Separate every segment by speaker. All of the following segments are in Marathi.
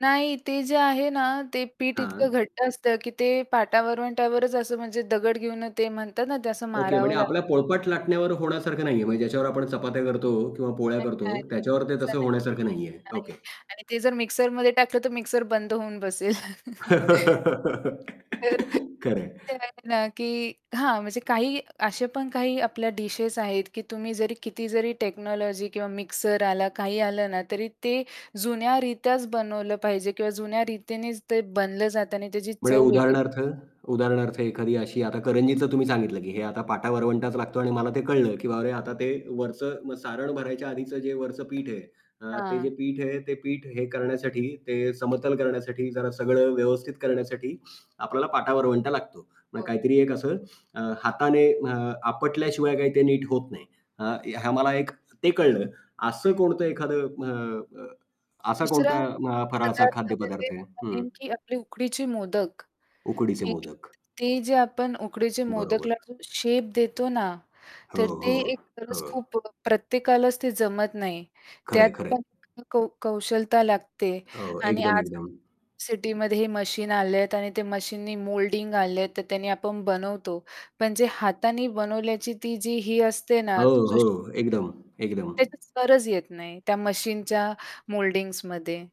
Speaker 1: नाही. ते जे आहे ना ते पीठ इतकं
Speaker 2: हां.
Speaker 1: घट्ट असतं की ते पाटा-वरवंटावरच असं म्हणजे दगड घेऊन ते म्हणतात ना ते असं
Speaker 2: ओके.
Speaker 1: मारावं
Speaker 2: म्हणजे
Speaker 1: लाग
Speaker 2: आपल्या पोळपाट-लाटण्यावर होण्यासारखं नाहीये, म्हणजे ज्याच्यावर आपण चपात्या करतो किंवा पोळ्या
Speaker 1: नाही.
Speaker 2: करतो,
Speaker 1: नाही, नाही.
Speaker 2: त्याच्यावर ते
Speaker 1: तसं
Speaker 2: तसं
Speaker 1: नाही.
Speaker 2: होण्यासारखं नाहीये. ओके.
Speaker 1: नाही. आणि ते जर मिक्सरमध्ये टाकलं तर मिक्सर बंद होऊन बसेल. तर
Speaker 2: खरंय.
Speaker 1: आहे ना की हां. म्हणजे काही असे पण काही आपल्या डिशेस आहेत की तुम्ही जरी किती जरी टेक्नॉलॉजी किंवा मिक्सर आला काही आलं ना तरी ते जुन्या रीत्याच बनवलं पाहिजे किंवा जुन्या रीतीनेच ते बनलं जातं आणि त्याची
Speaker 2: म्हणजे
Speaker 1: चव वेगळी
Speaker 2: उदाहरणार्थ उदाहरणार्थ एखादी अशी आता करंजीचं तुम्ही सांगितलं की हे आता
Speaker 1: हो.
Speaker 2: पाटा-वरवंटाच लागतो आणि मला ते कळलं की बाबा रे आता ते वरचं मग सारण भरायच्या आधीचं जे वरचं पीठ आहे, अ, ते जे
Speaker 1: हां.
Speaker 2: पीठ आहे, ते पीठ हे करण्यासाठी, ते समतल करण्यासाठी, जरा
Speaker 1: हां.
Speaker 2: सगळं व्यवस्थित करण्यासाठी, आपल्याला पाटा-वरवंटा लागतो. म्हणजे
Speaker 1: हो.
Speaker 2: काहीतरी एक असं हाताने अ, आपटल्याशिवाय काही ते नीट होत नाही. अ, ह्या
Speaker 1: [unintelligible]
Speaker 2: मला एक ते कळलं. असं
Speaker 1: हं.
Speaker 2: कोणतं एखादं अ, अ, असा
Speaker 1: दुसरा
Speaker 2: कोणता अ, फराळाचा
Speaker 1: पदार्थ म्हणजे
Speaker 2: खाद्यपदार्थ आहे? हं.
Speaker 1: नेमकी आपली उकडीचे मोदक
Speaker 2: उकडीचे
Speaker 1: [unintelligible]
Speaker 2: मोदक.
Speaker 1: ते जे आपण उकडीचे मोदकला
Speaker 2: बरोबर.
Speaker 1: जो शेप देतो ना,
Speaker 2: हो,
Speaker 1: तर ते
Speaker 2: हो,
Speaker 1: एक गरज
Speaker 2: हो.
Speaker 1: खूप प्रत्येकालाच ते जमत नाही त्यात
Speaker 2: खरंय, खरंय.
Speaker 1: पण कौ कौशलता लागते
Speaker 2: हो.
Speaker 1: आणि
Speaker 2: एकदम,
Speaker 1: आज
Speaker 2: एकदम.
Speaker 1: सिटीमध्ये हे मशीन आलेत आणि ते मशीननी मोल्डिंग आले आहेत तर त्यांनी आपण बनवतो पण जे हाताने बनवल्याची ती जी ही असते
Speaker 2: हो.
Speaker 1: ना तुझ
Speaker 2: हो. एकदम. एकदम.
Speaker 1: त्याची सरच येत नाही. त्या मशीनच्या मोल्डिंग्जमध्ये.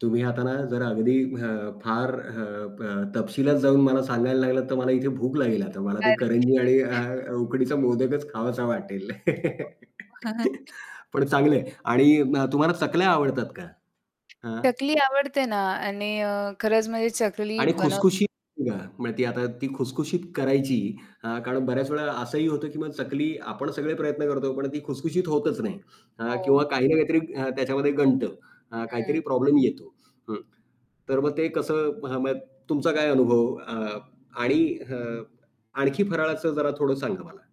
Speaker 2: तुम्ही आता ना जर अगदी अ, फार अ, अ, तपशिलात जाऊन मला सांगायला लागलात तर मला इथे भूक लागेल आता मला ते करंजी आणि
Speaker 1: [unintelligible]
Speaker 2: आ, उकडीचा मोदकच खावासा वाटेल.
Speaker 1: हो.
Speaker 2: पण चांगलं आहे. आणि उम्म, तुम्हाला चकल्या आवडतात का? हां.
Speaker 1: चकली आवडते ना आणि अ, खरंच म्हणजे चकली
Speaker 2: आणि
Speaker 1: बनव
Speaker 2: खुशखुशीत म्हणजे ती आता ती खुशखुशीत करायची अ, कारण बऱ्याच वेळा असंही होतं की मग चकली आपण सगळे प्रयत्न करतो पण ती खुशखुशीत होतच नाही अ,
Speaker 1: हो.
Speaker 2: किंवा काही ना काहीतरी त्याच्यामध्ये गंडतं, अ,
Speaker 1: हं.
Speaker 2: काहीतरी प्रॉब्लेम येतो. हं. तर मग ते कसं म्ह म्हणजे तुमचा काय अनुभव अ, आणि अ, आणखी फराळाचं जरा थोडं सांगा मला.